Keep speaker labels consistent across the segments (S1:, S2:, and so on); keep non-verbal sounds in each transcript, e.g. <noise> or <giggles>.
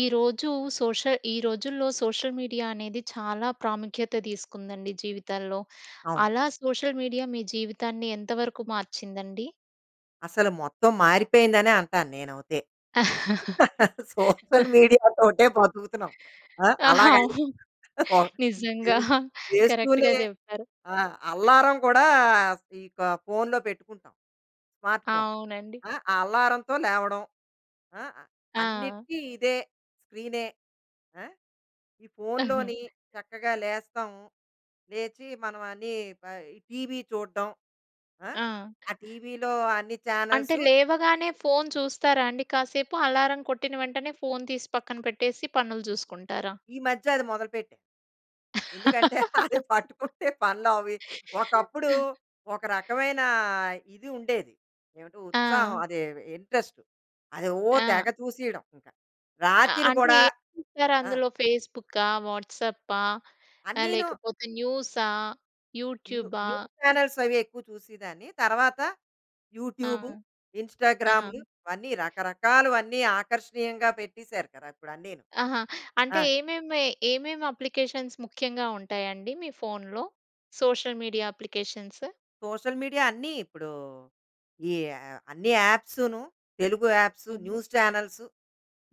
S1: ఈ రోజు సోషల్ ఈ రోజుల్లో సోషల్ మీడియా అనేది చాలా ప్రాముఖ్యత తీసుకుందండి జీవితాల్లో.
S2: అవును.
S1: అలా సోషల్ మీడియా మీ జీవితాన్ని ఎంతవరకు మార్చిందండి?
S2: అసలు మొత్తం మారిపోయింది అనే అంటాను నేనైతే. సోషల్ మీడియా తోటే బతుకుతున్నాం. ఆ! అలాగా
S1: అవు
S2: <unintelligible> <chuckles> చే
S1: నిజంగా.
S2: చేస్తూనే
S1: కరెక్ట్‌గా జెప్పారు.
S2: ఆహ్, అల్లారం కూడా ఇక ఫోన్‌లో పెట్టుకుంటాం. Smart phone.
S1: అవునండి.
S2: ఆ! అల్లారంతో లేవడం. ఆ!
S1: ఆ!
S2: అన్నిటికి ఇదే స్క్రీనే. ఆ! ఈ ఫోన్‌లోని
S1: <chuckles>
S2: చక్కగా లేస్తాం లేచి మనం అన్ని పై టీవీ చూడ్డం. ఆ!
S1: ఆ!
S2: ఆ టీవీ‌లో అన్ని
S1: అంటే
S2: చానల్సు
S1: లేవగానే ఫోన్ చూస్తారా అండి? కాసేపు అలారం కొట్టిన వెంటనే ఫోన్ తీసి పక్కన పెట్టేసి పనులు జూసుకుంటారా?
S2: ఈ మధ్య అది మొదలు పెట్టాను. ఎందుకంటే, అది పట్టుకుంటే పనులు అవి ఒకప్పుడు ఒక
S1: <laughs>
S2: రకమైన ఇది ఉండేది. ఏమిటి ఉత్సాహం,
S1: ఆ!
S2: అది ఇంట్రెస్టు. అది ఓహ్! తెగ
S1: ఆ!
S2: చూసేయడం ఇంక.
S1: అ
S2: రాత్రి
S1: అంటే
S2: కూడా
S1: ఏం చూస్తారు?
S2: ఆ!
S1: అందులో ఫేస్బుకా, వాట్సాపా ఆహ్,
S2: అన్నీను.
S1: లేకపోతే న్యూసా,
S2: న్యూ
S1: యూట్యూబా?
S2: న్యూస్ చానెల్స్ అవి ఎక్కువ చూసేదాన్ని. తర్వాత
S1: ఆ!
S2: యూట్యూబు,
S1: ఆ!
S2: ఇంస్టా‌గ్రామ్‌లు వన్ని రకరకాలు అన్ని ఆకర్షణీయంగా పెట్టేసారు కదా. ఇప్పుడు అన్ని‌ను.
S1: ఆహా!
S2: ఆ!
S1: అంటే ఏమేమి ఏమేమి అప్లికేషన్స్ ముఖ్యంగా ఉంటాయండి మీ ఫోన్‌లో? Social media applications.
S2: Social media అన్ని ఇప్పుడూ, ఈ అన్ని యాప్సును. తెలుగు యాప్స్,
S1: హ్మ్.
S2: న్యూస్ చానల్స్,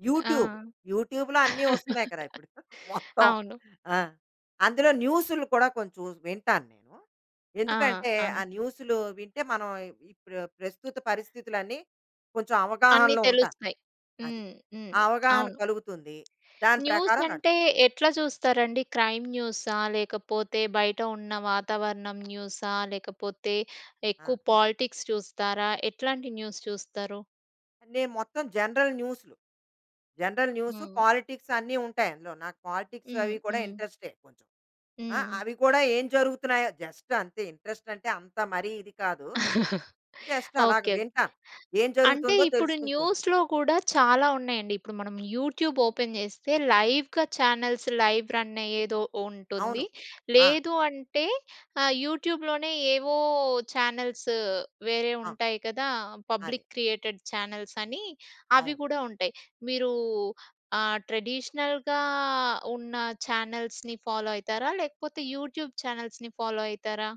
S2: యూట్యూబ్,
S1: ఆ!
S2: యూట్యూబ్‌లో అన్ని వస్తున్నాయి కదా ఇప్పుడు.
S1: <laughs>
S2: మొత్తం.
S1: అవును.
S2: ఆ! అందులో న్యూస్‌లు కూడా కొంచెం వింటాను నేను.
S1: ఆ!
S2: ఎందుకంటే
S1: ఆ!
S2: ఆ న్యూస్‌లు వింటే మనం ఇప్పుడు ప్రస్తుత పరిస్థితులు అన్ని కొంచెం
S1: అన్ని
S2: అవగాహనలో ఉంటా.
S1: తెలుస్తాయి.
S2: అది.
S1: హ్మ్. హ్మ్.
S2: ఆ అవగాహన
S1: అవును.
S2: కలుగుతుంది. దాని
S1: న్యూస్
S2: ప్రకారం నడు
S1: అంటే ఎట్లా చూస్తారండి? క్రైమ్ న్యూసా? లేకపోతే బయట ఉన్న వాతావరణం న్యూసా? లేకపోతే ఎక్కువ
S2: ఆ!
S1: పాలిటిక్స్ చూస్తారా? ఎట్లాంటి న్యూస్ చూస్తారు?
S2: నేను మొత్తం జనరల్ న్యూస్‌లు. జనరల్ న్యూ‌‌సు,
S1: హ్మ్.
S2: పాలిటిక్స్ అన్ని ఉంటాయి అందులో. నాకు పాలిటిక్స్ అవి
S1: హ్మ్.
S2: కూడా
S1: హ్మ్.
S2: ఇంట్రెస్టే, కొంచెం. ఆ!
S1: హ్మ్.
S2: అవి కూడా ఏం జరుగుతున్నాయో, జస్ట్ అంతే. ఇంట్రెస్టంటే, అంత మరీ ఇది కాదు.
S1: <chuckles>
S2: జస్ట్ అలాగా
S1: ఓకే.
S2: వింటాను. ఏం
S1: అంటే
S2: జరుగుతుందో
S1: ఇప్పుడు
S2: తెలుసుకుంటూ ఉంటా.
S1: న్యూస్‍లో కూడా, చాలా ఉన్నాయండి. ఇప్పుడు మనం యూట్యూబ్ ఓపెన్ చేస్తే, లైవ్‌గా ఛానల్స్, లైవ్ రన్ అయ్యేదో
S2: అవును.
S1: ఉంటుంది.
S2: ఆ!
S1: లేదు అంటే, ఆహ్, యూట్యూబ్‍లోనే ఏవో, ఛానల్సు, వేరే
S2: ఆ!
S1: ఉంటాయి కదా!
S2: అదే.
S1: పబ్లిక్ క్రియేటెడ్ ఛానల్సని, అవి
S2: అవును.
S1: కూడా ఉంటాయి. మీరు, ఆహ్, ట్రెడిషనల్‍గా ఉన్న ఛానల్స్‌ని ఫాలో అయితారా? లేకపోతే యూట్యూబ్ ఛానల్స్‌ని ఫాలో అయితారా?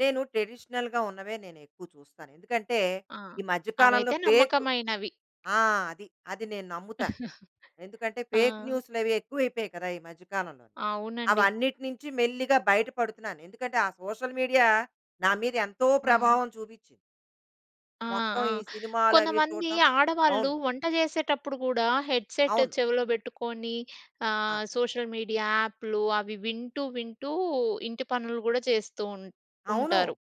S2: నేను ట్రెడిషనల్‌గా ఉన్నవే, నేనెక్కువ చూస్తాను. ఎందుకంటే,
S1: ఆ!
S2: ఈ మధ్య కాలంలో
S1: అవైతే
S2: ఫేకు,
S1: నమ్మకమైనవి.
S2: ఆ! అది. అది నేను నమ్ముతా.
S1: <chuckles>
S2: ఎందుకంటే, ఫేక్
S1: ఆ!
S2: న్యూసులవి ఎక్కువైపోయి కదా! ఈ మధ్య కాలంలోని. అవి
S1: అవునండి.
S2: అన్నిటి నించి మెల్లిగా బయట పడుతున్నాను. ఎందుకంటే, ఆ సోషల్ మీడియా నా మీద ఎంతో
S1: ఆ!
S2: ప్రభావం చూపించింది.
S1: ఆ!
S2: మొత్తం
S1: ఆ!
S2: ఈ సినిమాలవి
S1: కొంతమంది
S2: చూడటం.
S1: ఆడవాళ్ళు
S2: అవును.
S1: వంట చేసేటప్పుడు కూడా, హెడ్ సెట్
S2: అవును.
S1: చెవిలో పెట్టుకోని,
S2: ఆ!
S1: ఆహ్, సోషల్ మీడియా యాప్‍లు అవి వింటూ వింటూ ఇంటి పనులు గూడా చేస్తూ ఉం
S2: అవును.
S1: ఉంటారు.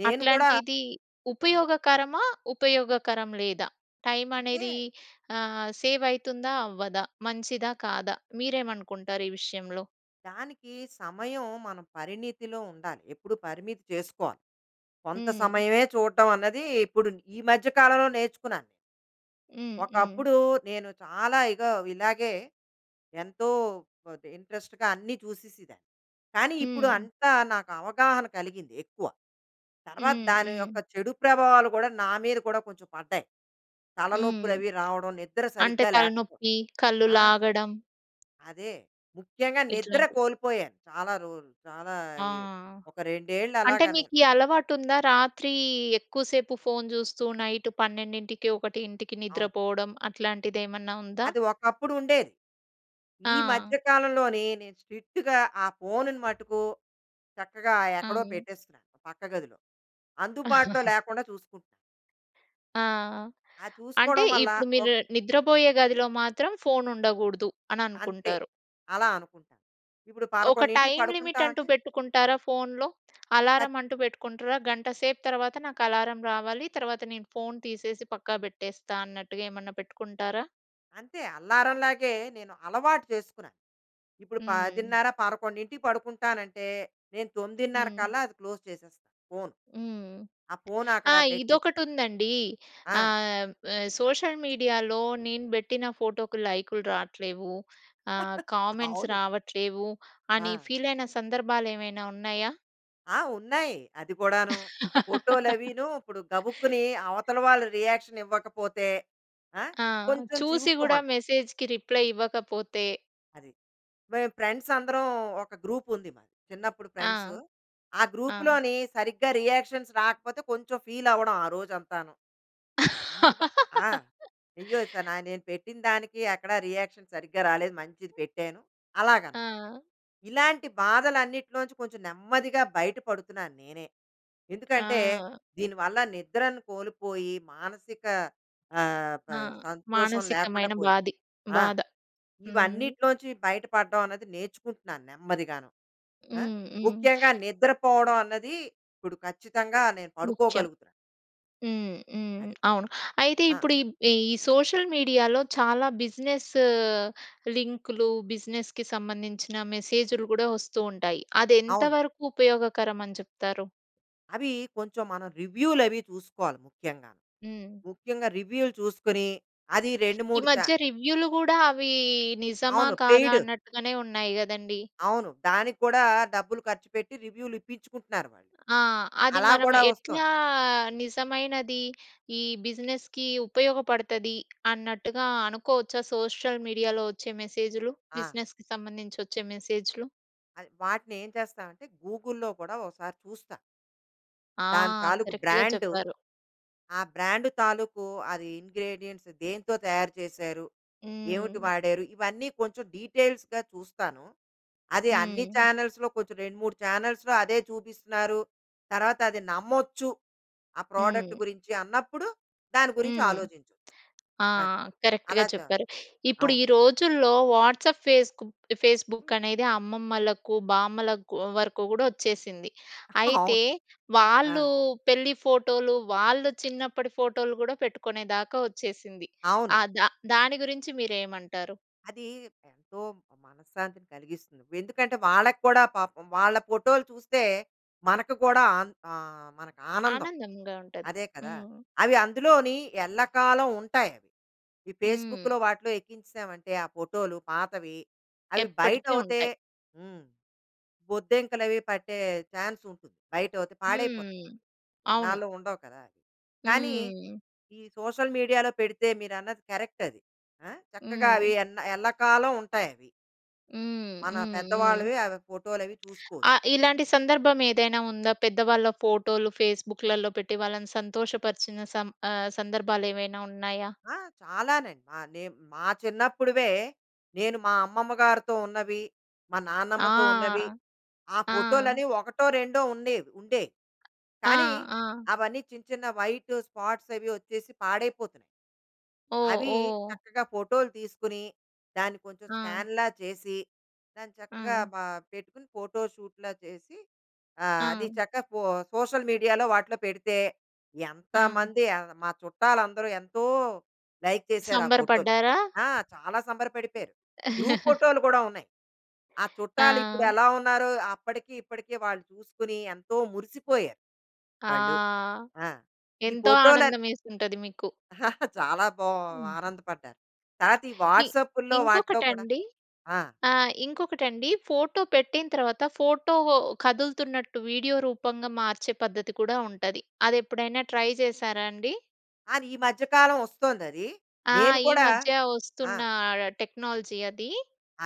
S2: నేను కూడా
S1: అట్లాంటిది
S2: ఆ!
S1: ఉపయోగకరమా? ఉపయోగకరం లేదా?
S2: అంటే
S1: టైమనేది ఆహ్, సేవైతుందా? అవ్వదా? మంచిదా? కాదా? మీరేమనుకుంటారు ఈ విషయంలో?
S2: దానికి, సమయం మనం పరిణితిలో ఉండాలి. ఎప్పుడు పరిమితి చేస్కోవాలి. కొంత
S1: హ్మ్.
S2: సమయమే చూడటం అన్నది, ఇప్పుడు ఈ మధ్య కాలంలో నేర్చుకున్నాను...
S1: హ్మ్. హ్మ్.
S2: ఒకప్పుడు, నేను చాలా ఇగో ఇలాగే, ఎంతో, వదే ఇంట్రెస్ట్‌గా అన్ని చూసేసేదాన్ని. కానీ ఇప్పుడు
S1: హ్మ్.
S2: అంతా, నాకు అవగాహన కలిగింది, ఎక్కువ. తర్వాత
S1: హ్మ్.
S2: దాని
S1: హ్మ్.
S2: యొక్క చెడు ప్రభావాలు కూడా, నా మీద కూడా, కొంచెం పడ్డాయి.
S1: హ్మ్.
S2: తలనొప్పులవి రావడం, నిద్ర
S1: అంటే
S2: సరిగ్గా లేకపో
S1: తలనొప్పి, కళ్ళు
S2: ఆ!
S1: లాగడం...
S2: అదే. ముఖ్యంగా నిద్ర
S1: ఇట్లాంటివి.
S2: కోలిపోయా. చాలా రోరు చాలా
S1: ఆ!
S2: ఏ ఒక 2 ఏళ్లు అలాగ
S1: అంటే
S2: నేను.
S1: మీకీ అలవాటుందా? రాత్రీ, ఎక్కువ సేపు ఫోన్ చూస్తూ నైటు 12కి, 1కి
S2: అవును.
S1: నిద్రపోవడం అట్లాంటిదేమన్నా ఉందా?
S2: అది ఒకప్పుడు ఉండేది. ఈ మధ్య
S1: ఆ!
S2: కాలంలోనీ, నేను స్ట్రిక్ట్‌గా ఆ ఫోనుని మటుకు, చక్కగా ఎక్కడో
S1: ఆ!
S2: పెట్టేస్తున్నాను, పక్క గదిలో. అందుబాటులో
S1: <chuckles>
S2: లేకుండా చూసుకుంటా.
S1: ఆ!
S2: ఆ!
S1: అంటే,
S2: చూసుకోవడం వల్ల
S1: ఇప్పుడు
S2: ఒక్
S1: మీరు నిద్రపోయే గదిలో మాత్రం ఫోన్ ఉండగూడదు అని
S2: అంతే.
S1: అనుకుంటారు.
S2: అలా అనుకుంటాను. ఇప్పుడు
S1: ఒక
S2: 11కి
S1: టైమ్
S2: పడుకుంటా
S1: లిమిట్ అంటూ
S2: అంటే
S1: పెట్టుకుంటారా ఫోన్‌లో?
S2: ఆ! ఖ
S1: అలారం అంటూ పెట్టుకుంటరా? గంట సేపు తర్వాత నాకు అలారం రావాలి. తర్వాత నేను ఫోన్ తీసేసి, పక్కా పెట్టేస్తా అన్నట్టుగా ఏమన్నా పెట్టుకుంటారా?
S2: అంతే. అల్లారంలాగే నేను అలవాటు చేసుకున్నాను. ఇప్పుడు
S1: హ్మ్.
S2: 10:30, 11కి పడుకుంటానంటే, నేను 9:30
S1: హ్మ్.
S2: కల్లా అది క్లోజ్ చేసేస్తాను ఫోన్.
S1: హ్మ్.
S2: ఆ పోన్ అక్కడ
S1: ఆ!
S2: పెట్టేసి
S1: ఇదొకటి ఉందండి.
S2: ఆ!
S1: ఆహ్, సోషల్ మీడియాలో నేను బెట్టిన ఫోటోకి లైకులు రావట్లేవు. ఆహ్,
S2: <chuckles>
S1: కామెంట్స్
S2: అవును.
S1: రావట్లేవు అని,
S2: ఆ!
S1: ఫీల్ అయిన సందర్భాలు ఏమైనా ఉన్నాయా?
S2: ఆ! ఉన్నాయి. అది కూడాను ఫోటోలు అవిను. ఇప్పుడు గబుక్కుని
S1: <chuckles>
S2: అవతల వాళ్ళు రియాక్షన్ ఇవ్వకపోతే, ఆ!
S1: ఆ!
S2: కొంచెం
S1: చూసి కూడా
S2: చివుక్కుమన్
S1: మెసేజ్‌కి రిప్లై ఇవ్వకపోతే
S2: అది. మేము ఫ్రెండ్స్ అందరం ఒక గ్రూప్ ఉంది మాది. చిన్నప్పుడు ఫ్రెండ్సు
S1: ఆ!
S2: ఆ
S1: ఆ!
S2: గ్రూప్‌లోని సరిగ్గా రియాక్షన్స్ రాకపోతే కొంచెం ఫీల్ అవ్వడం ఆ రోజు అంతాను. ఇప ఆ! అయ్యో! స న
S1: <laughs>
S2: నేను పెట్టిన దానికి ఎక్కడ రియాక్షన్ సరిగ్గా రాలేదు మంచిది పెట్టాను అలాగనమాట.
S1: ఆ!
S2: ఇలాంటి బాధలు అన్నిటిలో నుంచి కొంచెం నెమ్మదిగా బయట పడుతున్నాను నేనే. ఎందుకంటే,
S1: ఆ!
S2: దీని వల్ల నిద్రను కోల్పోయి, మానసిక ఆహ్, ప
S1: ఆ!
S2: సంతోషం లేకుండా
S1: మానసికమైన
S2: పోయింది.
S1: బాధి
S2: ఆ!
S1: బాధ హ్మ్.
S2: ఇవన్నిటిలో నుంచి బయట పడడం అనేది నేర్చుకుంటున్నాను నెమ్మదిగాను. ఆ!
S1: హ్మ్. హ్మ్.
S2: ముఖ్యంగా నిద్ర పోవడం అన్నది ఇప్పుడు ఖచ్చితంగా నేను
S1: ముఖ్యం.
S2: పడుకోగలుగుతున్నాను.
S1: హ్మ్. హ్మ్.
S2: అది.
S1: అవును. అయితే,
S2: ఆ!
S1: ఇప్పుడు ఇబ్ ఈ సోషల్ మీడియాలో చాలా బిజినెస్ లింకులు బిజినెస్‌కి సంబంధించిన మెసేజ్‌లు గూడా వస్తూ ఉంటాయి. అది
S2: అవును.
S1: ఎంతవరకు ఉపయోగకరం అని చెప్తారు?
S2: అవి కొంచెం మనం రివ్యూలు అవి చూసుకోవాలి ముఖ్యంగా.
S1: హ్మ్.
S2: ముఖ్యంగా రివ్యూలు చూసుకొని అది రెండు
S1: ఈ
S2: మూడు చా
S1: మధ్య రివ్యూలు కూడా అవీ నిజమా?
S2: అవును.
S1: కాదా?
S2: పెయిడ్.
S1: అన్నట్టుగానే ఉన్నాయి కదండీ.
S2: అవును. దానికి కూడా డబ్బులు ఖర్చుపెట్టి రివ్యూలు ఇప్పించుకుంటున్నారు. వాళ్ళు.
S1: ఆ! అది
S2: అలా
S1: మనం
S2: కూడా వస్తోంది.
S1: ఎట్లా నిజమైనది ఈ బిజినెస్‌కి ఉపయోగపడతది అన్నట్టుగా, అనుకోవచ్చా సోషల్ మీడియాలో వచ్చే మెసేజులు?
S2: ఆ!
S1: బిజినెస్‌కి సంబంధించి వచ్చే మెసేజులు.
S2: అది. వాటిని ఏం చేస్తామంటే గూగుల్‌లో కూడా ఒకసారి చూస్తా...
S1: ఆ!
S2: దాని తాలూకు
S1: కరెక్ట్‌గా
S2: బ్రాండు.
S1: చెప్పారు.
S2: ఆ బ్రాండ్ తాలూకు అది ఇంగ్రీడియెంట్స్ దేంతో తయారు చేశారు? ఏమిటి
S1: హ్మ్.
S2: వాడారు? ఇవన్నీ కొంచెం డీటెయిల్స్‌గా చూస్తాను. అది అన్ని
S1: హ్మ్.
S2: చానెల్స్‌లో కొంచెం 2, 3 ఛానెల్స్‌లో అదే చూపిస్తున్నారు తర్వాత అది నమ్మొచ్చు, ఆ ప్రోడక్ట్
S1: హ్మ్.
S2: గురించి అన్నప్పుడు దాని గురించి
S1: హ్మ్.
S2: ఆలోచించచ్చు.
S1: ఆ!
S2: అని
S1: కరెక్ట్‌గా
S2: అలా చా
S1: చెప్పారు. ఇప్పుడు
S2: అవును.
S1: ఈ రోజుల్లో వాట్సాప్, ఫేస్క్ బు ఫేస్‌బుక్ అనేది అమ్మమ్మలకు, బామ్మలకు కూ వరకు కూడా వచ్చేసింది.
S2: <chuckles> అవును.
S1: అయితే
S2: ఆ!
S1: వాళ్ళు పెళ్లి ఫోటోలు, వాళ్ళు చిన్నప్పటి ఫోటోలు గూడా పెట్టుకునేదాకా వచ్చేసింది.
S2: అవును.
S1: ఆహ్, దా దాని గురించి మీరేమంటారు?
S2: అది ఎంతో మనశ్శాంతిని కలిగిస్తుంది. ఎందుకంటే వాళ్ళకి కూడా పాపం వాళ్ళ ఫోటోలు చూస్తే మనకు కూడా ఆన్ ఆహ్, మనకు ఆనందం.
S1: ఆనందంగా ఉంటది.
S2: అదే కదా!
S1: హ్మ్.
S2: అవి అందులోని ఎల్లకాలం ఉంటాయి అవి. ఈ
S1: హ్మ్.
S2: ఫేస్‌బుక్‌లో వాటిలో ఎక్కించేసామంటే ఆ ఫోటోలు పాతవి అవి
S1: ఎప్పటికీ
S2: బయటౌతే
S1: ఉంటాయి.
S2: హ్మ్. బొద్దింకలవి పట్టే ఛాన్స్ ఉంటుంది. బయటౌతే పాడైపోతాయి.
S1: హ్మ్. అవును.
S2: ఎన్నాళ్ళో ఉండవు కదా! కానీ
S1: హ్మ్.
S2: ఈ సోషల్ మీడియాలో పెడితే మీరన్నది కరెక్ట్ అది ఆ! చక్కగా అవి
S1: హ్మ్.
S2: ఎన్న ఎల్లకాలం ఉంటాయవి.
S1: హ్మ్.
S2: మన
S1: హ్మ్. హ్మ్.
S2: పెద్దవాళ్ళవి అవ ఫోటోలవి
S1: <smacks lips>
S2: చూసుకో
S1: ఆ! ఇలాంటి సందర్భం ఏదైనా ఉందా? పెద్దవాళ్ళ ఫోటోలు ఫేస్‌బుక్‌లల్లో పెట్టి వాళ్ళని సంతోషపరచిన సం ఆహ్, సందర్భాలేవైనా ఉన్నాయా?
S2: ఆ! చాలానే. ఆహ్, నేం మా చిన్నప్పుడివే. నేను మా అమ్మమ్మ గారితో ఉన్నవి, మా నాన్నమ్మతో ఉన్నవి,
S1: ఆ!
S2: ఆ
S1: ఆ!
S2: ఫోటోలని ఒకటో, రెండో ఉండేవి, ఉండేయి.
S1: ఆ!
S2: కానీ,
S1: ఆ!
S2: అవన్నీ చిన్న చిన్న వైటు స్పాట్సవి వచ్చేసి పాడైపోతున్నాయి.
S1: ఓహ్!
S2: అవి
S1: ఓహ్!
S2: చక్కగా ఫోటోలు తీసుకొని, దాన్ని కొంచెం
S1: ఆ!
S2: స్కాన్‌లా చేసి, దాన్ని చక్కగా
S1: ఆ!
S2: ప పెట్టుకుని ఫోటోషూట్‌లా చేసి, ఆహ్, అది
S1: ఆ!
S2: చక్కా పో సోషల్ మీడియాలో వాటిల్లో పెడితే,
S1: ఆ!
S2: ఎంతమంది <unintelligible> మా చుట్టాలందరూ ఎంతో లైక్ చేసారా
S1: సంబర
S2: ఫోటోలు.
S1: పడ్డారా?
S2: ఆ! చాలా సంబరపడిపోయారు. గ్రూప్
S1: <laughs>
S2: ఫోటోలు కూడా ఉన్నాయి. ఆ చుట్టాలు ఇప్పుడు
S1: ఆ!
S2: ఎలా ఉన్నారో, అప్పడికీ ఇప్పడికీ వాళ్ళు చూసుకొని, ఎంతో మురిసిపోయారు.
S1: ఆ!
S2: వాళ్ళు. ఆ! ఈ
S1: ఎంతో
S2: ఫోటోల
S1: ఆనందం ఎసుంటది మీకు.
S2: <chuckles> చాలా బా ఆనందపడ్డారు. తరాతీ
S1: కి
S2: వాట్సాపుల్లో వాటిలో కూడా
S1: ఇంకొకటండి
S2: ఆ!
S1: ఆ! ఇంకొకటండి, ఫోటో పెట్టిన తర్వాత, ఫోటో కదులుతున్నట్టు వీడియో రూపంగా మార్చే పద్ధతి కూడా ఉంటది, అదెప్పుడైనా ట్రై చేసారా అండి?
S2: అది ఈ మధ్య కాలం వస్తోందది,
S1: ఆ!
S2: నేను
S1: ఈ
S2: కూడా
S1: మధ్య
S2: ఆ!
S1: వస్తున్న ఆహ్, టెక్నాలజీ అదీ,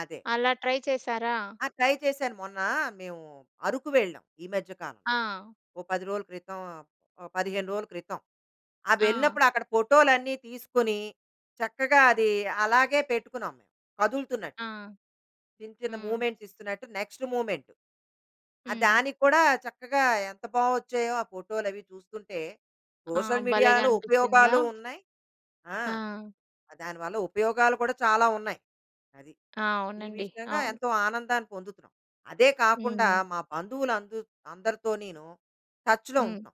S2: అదే.
S1: అలా ట్రై చేసారా?
S2: ఆ! ట్రై చేశాను. మొన్న మేము అరకు వెళ్ళాం, ఈ మధ్య కాలం.
S1: ఆ!
S2: ఓ 10 రోజుల క్రితం ఆహ్, 15 రోజుల క్రితం. ఆ
S1: ఆ!
S2: వెళ్ళినప్పుడు అక్కడ ఫోటో‌లన్ని తీసుకొని, చక్కగా అది అలాగే పెట్టుకున్నాం, మేము కదులుతున్నట్టు.
S1: ఆ!
S2: చిన్న, చిన్న
S1: హ్మ్.
S2: మూమెంట్స్ ఇస్తున్నట్టు నెక్స్ట్ మూమెంట్. ఆ
S1: హ్మ్.
S2: దానికి కూడా చక్కగా ఎంత బావొచ్చాయో ఆ ఫోటోలు అవి చూస్తుంటే,
S1: ఆ!
S2: సోషల్
S1: భలేగా
S2: మీడియాలో
S1: అనిపించిందా?
S2: ఉపయోగాలు ఉన్నాయి ఆ!
S1: ఆ!
S2: దానివల్ల ఉపయోగాలు కూడా చాలా ఉన్నాయి అది.
S1: ఆ!
S2: ఈ
S1: అవునండి.
S2: విషయంగా
S1: అవును.
S2: ఎంతో ఆనందాన్ని పొందుతున్నాం. అదే కాకుండా
S1: హ్మ్.
S2: మా బంధువులు అందు అందరితో నేను టచ్‌లో
S1: హ్మ్.
S2: ఉంటాం...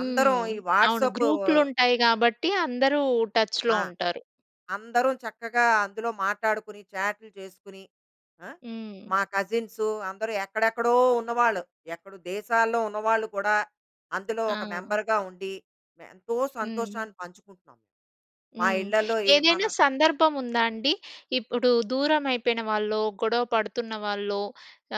S2: అందరం ఈ
S1: అవును
S2: వాట్సాప్
S1: గ్రూప్‌లుంటాయి గాబట్టి, అందరూ టచ్‌లో
S2: ఆ!
S1: ఉంటారు.
S2: అందరం చక్కగా అందులో మాట్లాడుకొని, చాట్‌లు చేసుకొని, ఆ!
S1: హ్మ్.
S2: మా కజిన్సు, అందరు ఎక్కడెక్కడో ఉన్నవాళ్ళు. ఎక్కడో దేశాల్లో ఉన్నవాళ్ళు కూడా అందులో ఒక
S1: ఆ!
S2: మెంబర్‌గా ఉండి, ఎంతో
S1: హ్మ్.
S2: సంతోషాన్ని పంచుకుంటున్నాం. మా
S1: హ్మ్.
S2: ఇళ్ళల్లో ఏ మన
S1: ఏదైనా సందర్భం ఉందా అండి? ఇప్పుడు దూరం అయిపోయిన వాళ్ళో, గొడవ పడుతున్న వాళ్ళో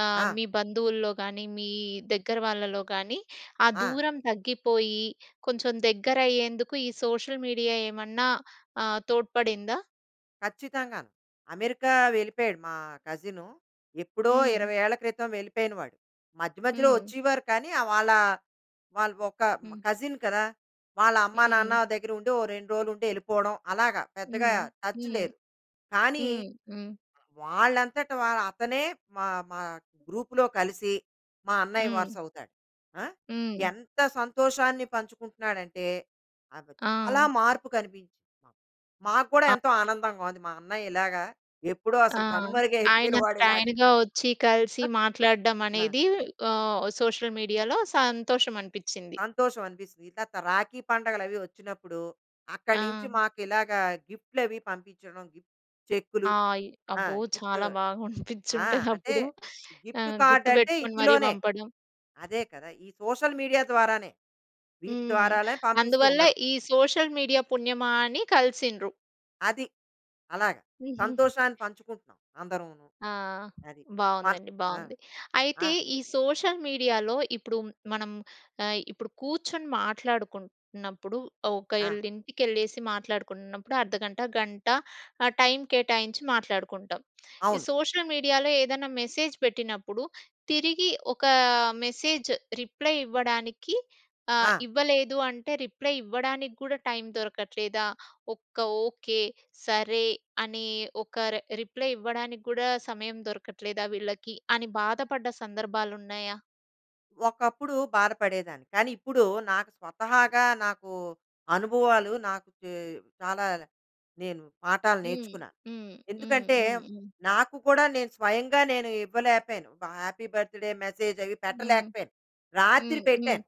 S1: ఆహ్,
S2: ఆ!
S1: మీ బంధువుల్లో గానీ, మీ దగ్గర వాళ్ళలో గానీ, ఆ
S2: ఆ!
S1: దూరం తగ్గిపోయి, కొంచెం దగ్గరయ్యేందుకు ఈ సోషల్ మీడియా ఏమన్నా ఆహ్, తోడ్పడిందా?
S2: ఖచ్చితంగాను. అమెరికా వెళ్ళిపోయాడు మా కజిను, ఎప్పుడో
S1: హ్మ్.
S2: 20 ఏళ్ళ క్రితం వెళ్ళిపోయిన వాళ్ళు. మధ్య మధ్యలో
S1: హ్మ్.
S2: వచ్చీవారు కానీ, ఆహ్ వాళ్ళా వాళ్ళు ఒక హ్మ్,
S1: హ్మ్.
S2: కజిన్ కదా! వాళ్ళమ్మా నాన్న
S1: హ్మ్.
S2: దగ్గర ఉండి, ఓ రెండు రోజులుండెళ్ళిపోడం అలాగా. పెద్దగా
S1: హ్మ్.
S2: టచ్
S1: హ్మ్.
S2: లేదు. కానీ
S1: హ్మ్. హ్మ్.
S2: వాళ్ళంతట వాళ్ళ అతనే మా, మా గ్రూప్‌లో కలిసి, మా అన్నయ్య
S1: హ్మ్.
S2: వరుసవుతాడు. ఆ!
S1: హ్మ్.
S2: ఎంత సంతోషాన్ని పంచుకుంటున్నాడంటే, నాకు చాలా
S1: ఆ!
S2: మార్పు కనిపించింది. మాకు గూడా ఎంతో ఆనందంగా ఉంది. మా అన్నయ్యిలాగా, ఎప్పుడో
S1: ఆ!
S2: అసలు కనుమరుగయిపోయిన వాడు
S1: ఆయనంతట
S2: ఇలాగ
S1: ఆయనగా వచ్చి, కలిసి,
S2: <chuckles>
S1: మాట్లాడడం
S2: ఆ!
S1: అనేది ఆహ్, ఓహ్, సోషల్ మీడియాలో సంతోషం అనిపిచ్చింది.
S2: సంతోషం అనిపిస్తది. తరవాతా రాఖీ పండుగలవీ వచ్చినప్పుడు, అక్కడి నుంచి
S1: ఆ!
S2: మాకిలాగా గిఫ్ట్‌లవీ పంపించడం, గిఫ్ చెక్కులు
S1: ఆ! ఆయి
S2: ఆ!
S1: అబ్బో!
S2: గిఫ్టు
S1: చాలా బాగా అనిపించి
S2: ఆ!
S1: ఉంటది
S2: అంటే,
S1: అప్పుడు.
S2: గిఫ్ట్
S1: ఆహ్,
S2: కార్డ్ అంటే
S1: గుర్తుపెట్టుకొని మరీ
S2: ఇందులోనే,
S1: పంపడం.
S2: అదే కదా! ఈ సోషల్ మీడియా ద్వారానే, వీటి
S1: హ్మ్.
S2: ద్వారాలే పంపిస్తూ
S1: అందువల్ల
S2: ఉండడం.
S1: ఈ సోషల్ మీడియా పుణ్యమా అని కలిసిండ్రు.
S2: అది. అలాగా. సంతోషాన్ని
S1: <giggles>
S2: పంచుకుంటున్నాం, అందరమును.
S1: ఆ!
S2: అది. పన్
S1: బావుందండి,
S2: ఆ!
S1: బావుంది.
S2: ఆ!
S1: అయితే, ఈ సోషల్ మీడియాలో ఇప్పుడు, మనం ఆహ్, ఇప్పుడు కూర్చొని మాట్లాడుకుంటున్నప్పుడు,
S2: ఆ!
S1: ఒకళ్లీంటికెళ్ళేసి మాట్లాడుకుంటున్నప్పుడు అర్ధగంట, గంట ఆహ్, టైం కేటాయించి మాట్లాడుకుంటాం. ఈ
S2: అవును.
S1: సోషల్ మీడియాలో ఏదన్నా మెసేజ్ పెట్టినప్పుడు, తిరిగి ఒకా మెసేజ్ రిప్లై ఇవ్వడానికి, ఆహ్,
S2: ఆ!
S1: ఇవ్వలేదు అంటే, రిప్లై ఇవ్వడానికి గూడా టైం దొరకట్లేదా? ఒక్క ఓకే, సరే, అని ఒక రె రిప్లై ఇవ్వడానికి కూడా, సమయం దొరకట్లేదా వీళ్ళకి? అని బాధపడ్డ సందర్భాలున్నయ్యా?
S2: ఒకప్పుడు బాధ పడేదాన్ని. కానీ ఇప్పుడు నాకు స్వతహాగా నాకు అనుభవాలు నాకు చాలా నేను పాఠాలు
S1: హ్మ్,
S2: నేర్చుకున్నా.
S1: హ్మ్, హ్మ్,
S2: ఎందుకంటే,
S1: హ్మ్, హ్మ్.
S2: నాకు కూడా నేను స్వయంగా నేను ఇవ్వలేకపోయాను. హ్యాపీ బర్త్‌డే మెసేజ్ అవి
S1: హ్మ్.
S2: పెట్టలేకపోయాను. రాత్రి
S1: హ్మ్, హ్మ్.
S2: పెట్టాను.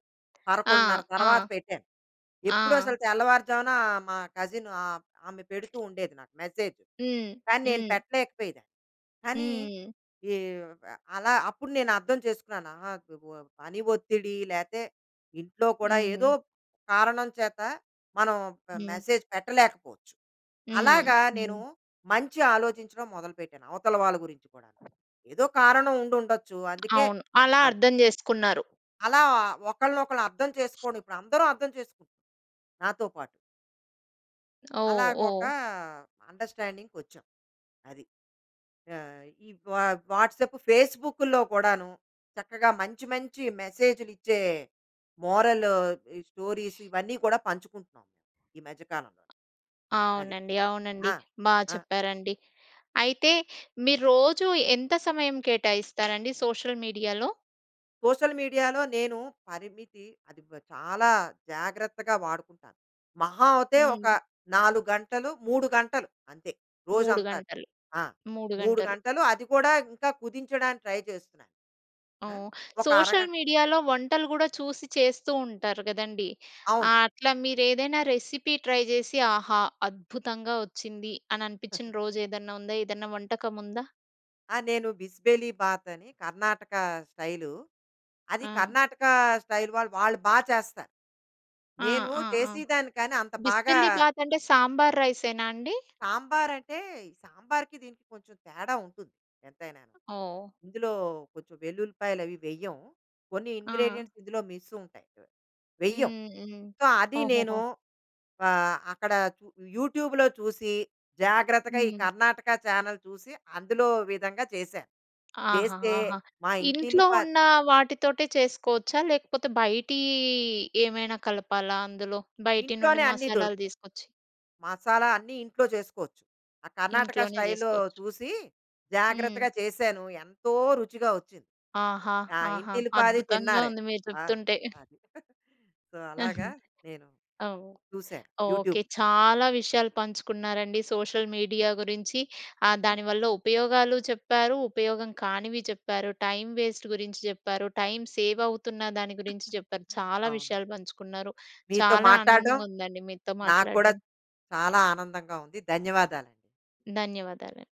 S1: ఆ!
S2: 11:30
S1: ఆ!
S2: తర్వాత పెట్టాను.
S1: ఆ!
S2: ఎప్పుడూ అసలు తెల్లవారుజామున మా కజిన్ ఆహ్, ఆమె పెడుతూ ఉండేది నాకు మెసేజ్.
S1: హ్మ్.
S2: కానీ నేను
S1: హ్మ్.
S2: పెట్టలేకపోయేదాన్ని. కానీ
S1: హ్మ్.
S2: ఈ ఆహ్, అలా అప్పుడు నేను అర్థం చేసుకున్నాను. ఆహ్, గుగ పని ఒత్తిడి లేతే ఇంట్లో కూడా ఏదో
S1: హ్మ్.
S2: కారణం చేత మనం ప
S1: హ్మ్.
S2: మెసేజ్ పెట్టలేకపోవచ్చు.
S1: హ్మ్.
S2: అలాగా నేను
S1: హ్మ్.
S2: మంచి ఆలోచించడం మొదలుపెట్టాను. అవతల వాళ్ళ గురించి కూడా. ఏదో కారణం ఉండుండొచ్చు. అందుకే
S1: అవును. అలా
S2: అలా.
S1: అర్థం చేసుకున్నారు.
S2: అలా ఒకళ్ళని ఒకళ్ళు అర్థం చేసుకొని ఇప్పుడు అందరు అర్థం చేసుకున్నాం. నాతో పాటు.
S1: ఓహ్!
S2: అలాగా ఒక
S1: ఓహ్!
S2: అండర్‌స్టాండింగ్‌కొచ్చాం. అది. ఆహ్, ఈ వా వాట్సాప్, ఫేస్‌బుకుల్లో కూడాను చక్కగా మంచి, మంచి మెసేజ్‌లు ఇచ్చే మోరల్ ఈ స్టోరీస్ ఇవన్నీ కూడా పంచుకుంటున్నాం. ఈ మధ్య కాలంలోని. అది.
S1: అవునండి. అవునండి.
S2: ఆ!
S1: బా
S2: ఆ!
S1: చెప్పారండి. అయితే మీరు రోజు ఎంత సమయం కేటాయిస్తారండి సోషల్ మీడియాలో?
S2: సోషల్ మీడియాలో నేను పరిమితి అది చాలా జాగ్రత్తగా వాడుకుంటాను. మహా అయితే ఒక
S1: హ్మ్.
S2: 4 గంటలు, 3 గంటలు అంతే,
S1: 3
S2: రోజంతా.
S1: గంటలు.
S2: ఆ!
S1: 3
S2: 3
S1: గంటలు.
S2: గంటలు అది కూడా ఇంకా కుదించడానికి ట్రై చేస్తున్నాను. ఆహ్,
S1: ఓహ్!
S2: ఒక
S1: సోషల్
S2: అరగంట.
S1: మీడియాలో వంటలు కూడా చూసి చేస్తూ ఉంటారు కదండీ. ఆ
S2: అవును.
S1: అట్లా మీరు ఏదైనా రెసిపీ ట్రై చేసి ఆహా! అద్భుతంగా వచ్చింది, అని అనిపించిన
S2: <chuckles>
S1: రోజు ఏదన్నా ఉందా? ఏదన్నా వంటకం ఉందా?
S2: ఆ నేను బిసి బేలే బాత్ అని కర్ణాటక స్టైలు. అది
S1: ఆ!
S2: కర్ణాటక స్టైల్ వాళ్ళు వాళ్ళు బాగా చేస్తారు.
S1: ఆ!
S2: నేను
S1: ఆ! ఆ!
S2: చేసేదాన్ని కానీ అంత బాగా
S1: బిస్మిల్లీ బాత్ అంటే సాంబార్ రైసేనా అండి?
S2: సాంబారంటే సాంబారుకి దీనికి కొంచెం తేడా ఉంటుంది ఎంతైనాను.
S1: ఓహ్!
S2: ఇందులో కొంచెం వెల్లుల్లిపాయలు అవి వెయ్యం. కొన్ని
S1: ఆ!
S2: ఇంగ్రీడియెంట్స్ ఇందులో మిస్ ఉంటాయి. వెయ్యం.
S1: హ్మ్. హ్మ్.
S2: సో అది
S1: ఓహోహో!
S2: నేను అక్కడ యూట్యూబ్‌లో చూసి, జాగ్రత్తగా ఈ
S1: హ్మ్.
S2: కర్ణాటక చానెల్ చూసి, అందులో విధంగా చేశాను. చేస్తే
S1: ఆహాహాహా!
S2: మా ఇంటిల్లి
S1: ఇంట్లో
S2: పా
S1: ఉన్న వాటితోటే చేసుకోవచ్చా, లేకపోతే బయటి ఏమైనా కలపాలా అందులో బయటి నుండి
S2: ఇంట్లోనే అన్ని
S1: మసాలాలు
S2: దొరుకుతాయి.
S1: తీసుకొచ్చి?
S2: మసాలా అన్ని ఇంట్లో చేసుకోవచ్చు. ఆ కర్ణాటక
S1: ఇంట్లోనే
S2: స్టైల్‌లో
S1: చేసుకోవచ్చు.
S2: చూసి
S1: హ్మ్.
S2: జాగ్రత్తగా చేశాను. ఎంతో రుచిగా వచ్చింది.
S1: ఆహా!
S2: ఆ!
S1: ఆహా!
S2: ఇంటిల్లిపాది
S1: అద్భుతంగా
S2: తిన్నారే.
S1: ఉంది మీరు
S2: ఆ!
S1: చెప్తుంటే.
S2: అది. <chuckles> సో అలాగా నేను
S1: ఓహ్!
S2: చూసాను యూట్యూబ్.
S1: ఓకే చాలా విషయాలు పంచుకున్నారండి. సోషల్ మీడియా గురించి దాని వల్ల ఉపయోగాలు చెప్పారు. ఉపయోగం కానివి చెప్పారు, టైం వేస్ట్ గురించి చెప్పారు, టైం సేవ్ అవుతున్న దాని గురించి చెప్పారు, చాలా
S2: అవును.
S1: విషయాలు పంచుకున్నారు,
S2: మీతో
S1: చాలా
S2: మాట్లాడడం
S1: ఆనందంగా ఉందండి మీతో
S2: నాకు కూడా
S1: మాట్లాడడం.
S2: చాలా ఆనందంగా ఉంది. ధన్యవాదాలండి.
S1: ధన్యవాదాలు.